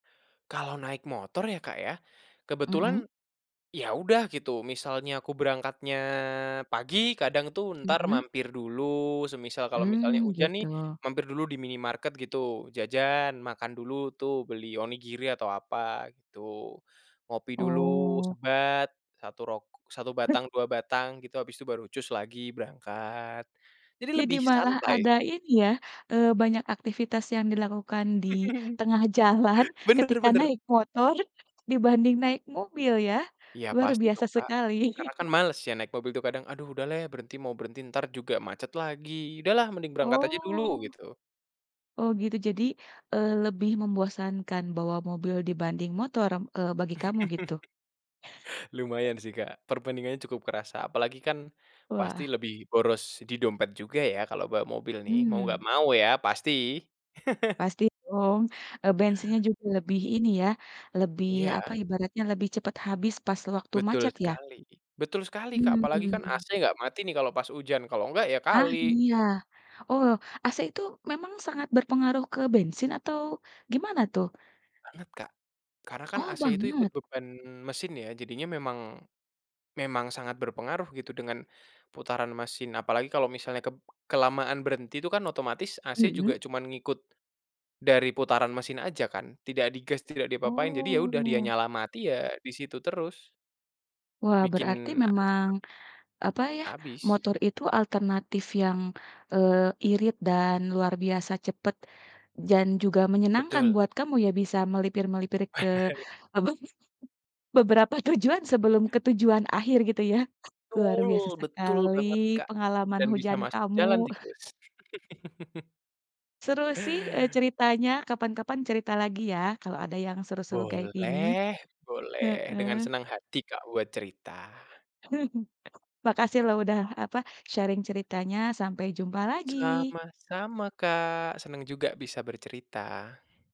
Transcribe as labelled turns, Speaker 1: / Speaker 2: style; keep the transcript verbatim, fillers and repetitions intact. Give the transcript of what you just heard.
Speaker 1: Kalau naik motor ya Kak ya,
Speaker 2: Mhm.
Speaker 1: kebetulan, ya udah gitu misalnya aku berangkatnya pagi kadang tuh entar
Speaker 2: Mhm.
Speaker 1: mampir dulu semisal kalau misalnya
Speaker 2: Mmm,
Speaker 1: hujan nih,
Speaker 2: gitu.
Speaker 1: mampir dulu di minimarket gitu jajan, makan dulu tuh beli onigiri atau apa gitu. Ngopi dulu
Speaker 2: Oh.
Speaker 1: sebat satu rok satu batang, dua batang gitu habis itu baru cus lagi berangkat, jadi
Speaker 2: Jadi
Speaker 1: lebih
Speaker 2: malah
Speaker 1: santai
Speaker 2: ada
Speaker 1: sih.
Speaker 2: ini ya, eee, banyak aktivitas yang dilakukan di tengah jalan,
Speaker 1: Benar
Speaker 2: ketika
Speaker 1: benar.
Speaker 2: naik motor dibanding naik mobil ya,
Speaker 1: Iya
Speaker 2: luar
Speaker 1: pasti
Speaker 2: biasa
Speaker 1: dong Kak,
Speaker 2: sekali.
Speaker 1: karena kan males ya naik mobil tuh kadang, "Aduh udah leh berhenti mau berhenti entar juga macet lagi udahlah mending berangkat aja dulu"
Speaker 2: Oh.
Speaker 1: gitu.
Speaker 2: Oh gitu jadi, eee, lebih membosankan bawa mobil dibanding motor, eee, bagi kamu gitu?
Speaker 1: Lumayan sih Kak, perbandingannya cukup kerasa apalagi kan, pasti
Speaker 2: Wah.
Speaker 1: lebih boros di dompet juga ya, kalau bawa mobil nih mau nggak
Speaker 2: Mmm.
Speaker 1: mau ya pasti.
Speaker 2: Pasti dong, eee, bensinnya juga lebih ini ya lebih apa
Speaker 1: Iya.
Speaker 2: ibaratnya lebih cepet habis pas sewaktu
Speaker 1: Betul
Speaker 2: macet ya?
Speaker 1: sekali betul sekali Kak apalagi kan
Speaker 2: Hmm.
Speaker 1: AC nggak mati nih kalau pas hujan kalau nggak ya
Speaker 2: Ah,
Speaker 1: kali.
Speaker 2: iya, oh AC itu memang sangat berpengaruh ke bensin atau gimana tuh?
Speaker 1: Banget Kak. Karena kan
Speaker 2: Oh
Speaker 1: AC itu ikut
Speaker 2: banget.
Speaker 1: beban mesin ya jadinya memang, memang sangat berpengaruh gitu dengan, putaran mesin apalagi kalau misalnya kep kelamaan berhenti itu kan otomatis AC juga
Speaker 2: Mhm.
Speaker 1: cuman ngikut, dari putaran mesin aja kan, tidak di gas, tidak diapa-apain jadi ya udah dia
Speaker 2: Oh.
Speaker 1: nyala mati ya di situ terus.
Speaker 2: Wah
Speaker 1: Bikin,
Speaker 2: berarti
Speaker 1: eee,
Speaker 2: memang,
Speaker 1: cepet
Speaker 2: apa ya,
Speaker 1: habis.
Speaker 2: motor itu alternatif yang, eee, irit dan luar biasa cepat, dan juga menyenangkan
Speaker 1: Betul.
Speaker 2: buat kamu ya, bisa melipir-melipir ke, apa, beberapa tujuan sebelum ke tujuan akhir gitu ya, luar
Speaker 1: Betul
Speaker 2: biasa
Speaker 1: betul
Speaker 2: sekali
Speaker 1: banget Kak,
Speaker 2: pengalaman
Speaker 1: dan bisa
Speaker 2: hujan
Speaker 1: masuk jalan
Speaker 2: kamu.
Speaker 1: tikus.
Speaker 2: Seru sih, eee, ceritanya kapan-kapan cerita lagi ya kalau ada yang seru-seru kayak gini,
Speaker 1: Boleh boleh dengan
Speaker 2: heeh.
Speaker 1: senang hati Kak buat cerita.
Speaker 2: Makasih loh udah apa sharing ceritanya sampai jumpa lagi.
Speaker 1: Sama-sama Kak senang juga bisa bercerita.